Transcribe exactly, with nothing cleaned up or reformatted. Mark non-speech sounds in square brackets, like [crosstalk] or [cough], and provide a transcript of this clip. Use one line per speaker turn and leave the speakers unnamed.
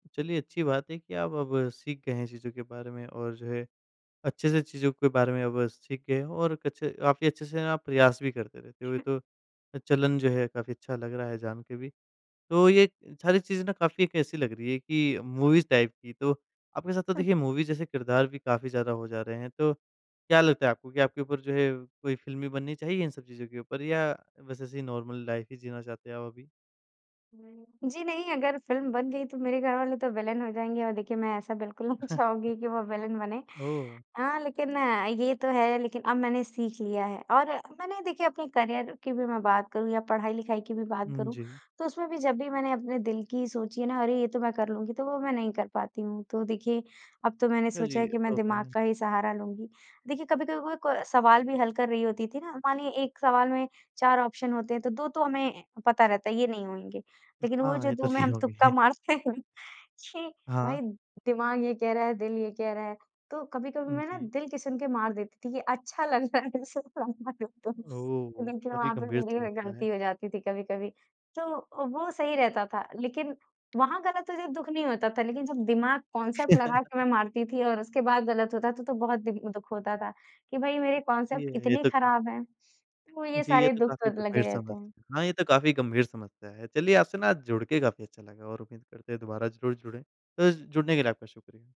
चलिए, अच्छी बात है कि आप अब सीख गए हैं, चीज़ों के बारे में और जो है, अच्छे से चीज़ों के बारे में अब सीख गए हैं और कुछ काफ़ी अच्छे से आप प्रयास भी करते थे। तो ये तो चलन जो है काफ़ी अच्छा लग रहा है जान के भी। तो ये सारी चीज़ें ना काफ़ी एक ऐसी लग रही है कि मूवीज़ टाइप की तो आपके साथ तो देखिए मूवी जैसे किरदार भी काफ़ी ज़्यादा हो जा रहे हैं, तो क्या लगता है आपको कि आपके ऊपर जो है, कोई फ़िल्म भी बननी चाहिए इन सब चीज़ों के ऊपर या बस ऐसे नॉर्मल लाइफ ही जीना चाहते हैं आप अभी?
जी, नहीं अगर फ़िल्म बन गयी तो मेरे घरवाले तो विलेन हो जाएँगे और देखिए मैं ऐसा बिल्कुल नहीं
[chuckles]
चाहूँगी कि वो विलेन बने।
ओह!
हाँ, लेकिन ये तो है, लेकिन अब मैंने सीख लिया है और मैंने देखिए अपने करियर की भी मैं बात करूँ या पढ़ाई-लिखाई की भी बात
उम,
करूँ
जी।
तो उसमें भी जब भी मैंने अपने दिल की सोची ना अरे, ये तो मैं कर लूँगी, तो वो मैं नहीं कर पाती हूँ। तो देखिए अब तो मैंने
अ,
सोचा
जी
है कि मैं दिमाग
टोकन।
का ही सहारा लूँगी। देखिए, कभी-कभी वो को सवाल भी हल कर रही होती थी ना मानिए एक सवाल में चार ऑप्शन होते हैं, तो दो तो हमें पता रहता है ये नहीं होंगे। लेकिन वो
हाँ,
जो
ये तो
दो में
नहीं
हम तुक्का
होगी।
मारते हैं कि भाई
हाँ।
दिमाग ये कह रहा है, दिल ये कह रहा है, तो कभी-कभी
उम,
मैं ना
जी।
दिल सुन के मार देती थी कि अच्छा लग रहा है [unintelligible] तो
ओह,
देखिए,
काफ़ी
वहाँ पे
गंभीर सा
मेरी
लगता है।
गलती हो जाती थी कभी-कभी, तो वो सही रहता था लेकिन वहाँ गलत हो जब दुःख नहीं होता था लेकिन जब दिमाग कांसेप्ट लगा के मैं
[chuckles]
मारती थी और उसके बाद गलत होता था तो बहुत दिन दुःख होता था कि भई मेरे कांसेप्ट
ये, ये
इतने
तो
ख़राब हैं, वो ये
जी, ये
सारे
तो
दुःख
काफ़ी
तो लगे
गंभीर
रहते हैं।
समस्या हाँ, ये तो काफ़ी गंभीर समस्या है। चलिए आपसे ना जुड़ के काफ़ी अच्छा लगा और उम्मीद करते हैं दोबारा ज़रूर जुड़े, तो जुड़ने के लिए आपका शुक्रिया।